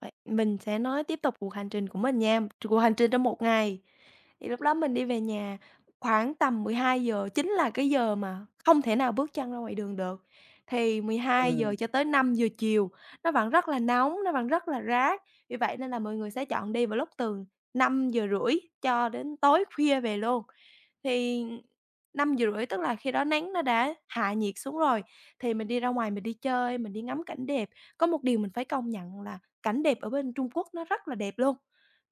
Vậy mình sẽ nói tiếp tục cuộc hành trình của mình nha, chục cuộc hành trình trong một ngày. Thì lúc đó mình đi về nhà khoảng tầm 12:00, chính là cái giờ mà không thể nào bước chân ra ngoài đường được, thì 12:00 Ừm. cho tới 5:00 chiều nó vẫn rất là nóng, nó vẫn rất là rát vì vậy nên là mọi người sẽ chọn đi vào lúc từ 5:30 cho đến tối khuya về luôn, thì 5:30 tức là khi đó nắng nó đã hạ nhiệt xuống rồi, thì mình đi ra ngoài mình đi chơi, mình đi ngắm cảnh đẹp. Có một điều mình phải công nhận là cảnh đẹp ở bên Trung Quốc nó rất là đẹp luôn,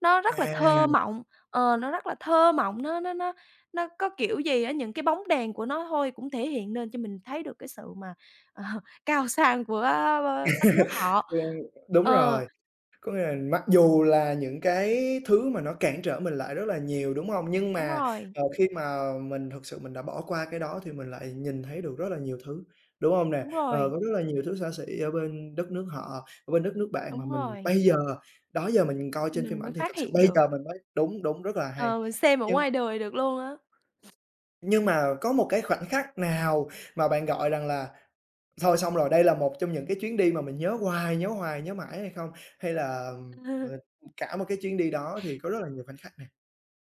nó rất là À. thơ mộng, ờ, nó rất là thơ mộng, nó nó nó nó có kiểu gì á, những cái bóng đèn của nó thôi cũng thể hiện nên cho mình thấy được cái sự mà, ờ, cao sang của, ờ, b đất nước họ. Ừm, đúng Ờ. rồi. Có nghĩa là mặc dù là những cái thứ mà nó cản trở mình lại rất là nhiều, đúng hông? Nhưng Đúng mà, rồi. ờ, khi mà mình thực sự mình đã bỏ qua cái đó thì mình lại nhìn thấy được rất là nhiều thứ, đúng hông nè? Đúng Ờ, rồi. có rất là nhiều thứ xa xỉ ở bên đất nước họ, ở bên đất nước bạn mà Đúng mình rồi. bây giờ, đó giờ mình coi trên phim Mình mới ảnh thì phát thực sự hiện bây được. giờ mình mới đúng, đúng, rất là hay, Ờ, mình xem ở nhưng ngoài đời được luôn á. nhưng mà có một cái khoảnh khắc nào mà bạn gọi rằng là thôi xong rồi, đây là một trong những cái chuyến đi mà mình nhớ hoài, nhớ hoài, nhớ mãi hay không? Hay là, ờ, cả một cái chuyến đi đó thì có rất là nhiều khoảnh khắc nè?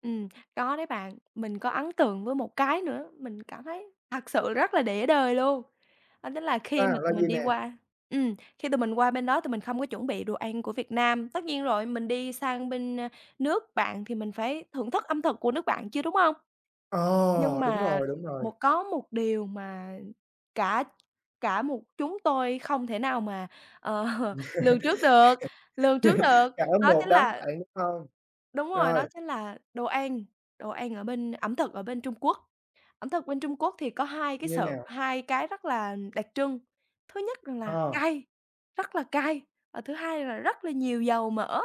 Ừm, có đấy bạn. Mình có ấn tượng với một cái nữa, mình cảm thấy thật sự rất là để đời luôn đó chính là À, khi mà là tụi mình gì đi nè? qua ừm, khi tụi mình qua bên đó tụi mình không có chuẩn bị đồ ăn của Việt Nam, tất nhiên rồi mình đi sang bên, ơ, nước bạn thì mình phải thưởng thức âm thực của nước bạn chứ, đúng không? Nhưng Ờ, đúng mà rồi, đúng rồi. một có một điều mà cả cả một chúng tôi không thể nào mà, ờ, lường trước được lường trước được Cỡ đó một chính đám là bạn, đúng hông? Đúng rồi, Rồi. đó chính là đồ ăn, đồ ăn ở bên ẩm thực ở bên Trung Quốc. Ẩm thực bên Trung Quốc thì có hai cái Như sự, nào? hai cái rất là đặc trưng thứ nhất rằng là Ờ. cay, rất là cay và thứ hai là rất là nhiều dầu mỡ.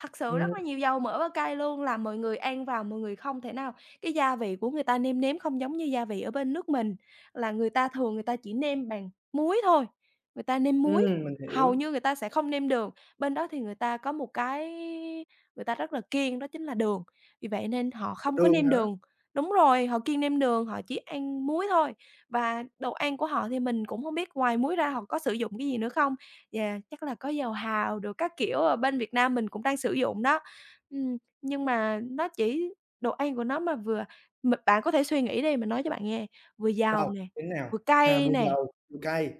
Thật sự rất Ừm. là nhiều dầu mỡ và cay luôn, là mọi người ăn vào mọi người không thể nào cái gia vị của người ta nêm nếm không giống như gia vị ở bên nước mình là người ta thường người ta chỉ nêm bằng muối thôi, người ta nêm muối, Ừm, mình hầu hiểu. như người ta sẽ không nêm đường, bên đó thì người ta có một cái người ta rất là kiêng đó chính là đường, vì vậy nên họ không có Đường nêm hả? đường. Đúng rồi, họ kiêng nêm đường, họ chỉ ăn muối thôi và đồ ăn của họ thì mình cũng hông biết ngoài muối ra họ có sử dụng cái gì nữa không và chắc là có dầu hào đồ các kiểu ở bên Việt Nam mình cũng đang sử dụng đó. Ừm, nhưng mà nó chỉ đồ ăn của nó mà vừa m bạn có thể suy nghĩ đi, mình nói cho bạn nghe, vừa Đâu? dầu nè, Như thế nào? vừa À, cay vừa nè. dầu, vừa cay.